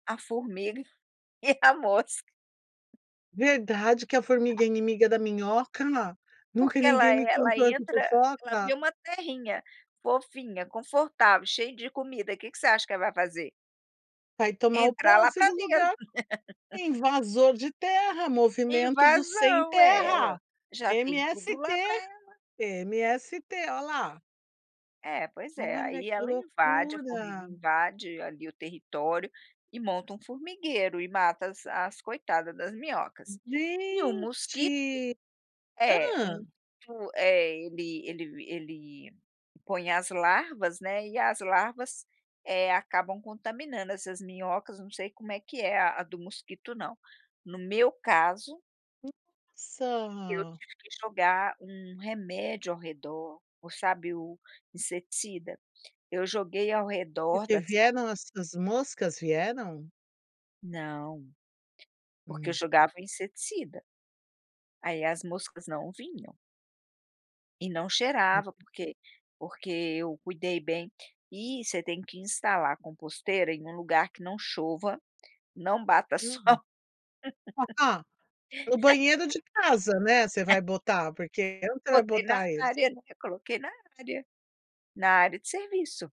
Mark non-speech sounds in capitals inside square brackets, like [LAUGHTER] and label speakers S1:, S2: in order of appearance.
S1: A formiga e a mosca.
S2: Verdade que a formiga
S1: A
S2: é inimiga da minhoca? Nunca
S1: Porque ela
S2: ninguém me
S1: ela
S2: contou essa
S1: entra ela vê
S2: fofoca.
S1: uma terrinha, fofinha, confortável, cheia de comida, que que você acha que ela vai fazer?
S2: Vai tomar o
S1: Entrar lá
S2: posse
S1: pra
S2: do
S1: dentro.
S2: lugar.
S1: [LAUGHS]
S2: Invasor de terra, movimento do
S1: Invasão, é!
S2: sem-terra,
S1: Olha, já tem tudo
S2: MST,
S1: lá pra ela.
S2: MST. Ó lá.
S1: É, pois é.
S2: Olha
S1: Aí
S2: que
S1: ela invade a formiga
S2: loucura.
S1: invade ali o território e monta um formigueiro e mata as as coitada das minhocas. E o mosquito
S2: Gente!
S1: é
S2: Hã.
S1: um fu é, ele ele ele põe as larvas, né, e as larvas, eh, acabam contaminando essas minhocas, não sei como é que é a do mosquito não. No meu caso eu
S2: Nossa!
S1: tive que jogar um remédio ao redor, o, sabe, o inseticida? Eu joguei ao
S2: Por
S1: redor
S2: que
S1: das ca
S2: vieram as suas moscas, vieram?
S1: Não. Porque eu
S2: Hum.
S1: jogava inseticida. Aí as moscas não vinham. E não
S2: Uhum.
S1: cheirava, porque porque eu cuidei bem. E você tem que instalar a composteira em um lugar que não chova, não bata sol.
S2: Uhum. Ah, no banheiro
S1: [LAUGHS]
S2: de casa, né, você
S1: [LAUGHS]
S2: vai botar? Porque onde você vai
S1: Botei na
S2: botar
S1: na
S2: isso?
S1: área, né, coloquei na área. Na área de serviço.